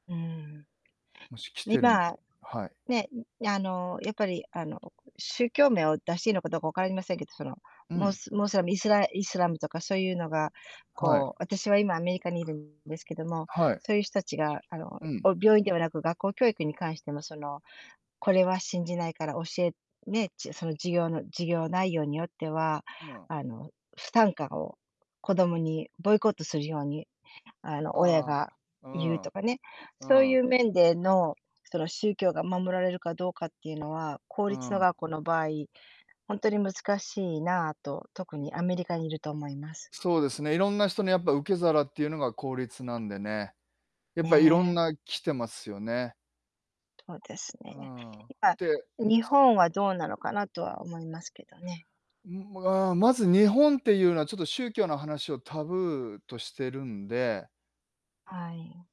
うん。もし来てるんで、今、はい。ね、あの、やっぱりあの、宗教名を出していいのかどうかわかりませんけど、その、うムん。スムスリイスライスラムとかそういうのが、はい。こう私は今アメリカにいるんですけども、はい。そういう人たちがあの、うん。お病院ではなく、学校教育に関してもその、これは信じないから教えね、じその授業の授業内容によっては、うん。あの不参加を子供にボイコットするようにあの、親あがあ、う言うとん。かね、そうういん。う面での、その宗教が守られるかどうかっていうのは、公う立のん。学校の場合、本当に難しいなと、特うん。にアメリカにいると思います。そうですね、いろんな人にやっぱ受け皿っていうのが公立なんでね、やっぱいろんね。な来てますよね。そうですうね。ーん。やっぱで日本はどうなのかなとは思いますけどね。うん、あ、まず日本っていうのはちょっと宗教の話をタブーとしてるんではい。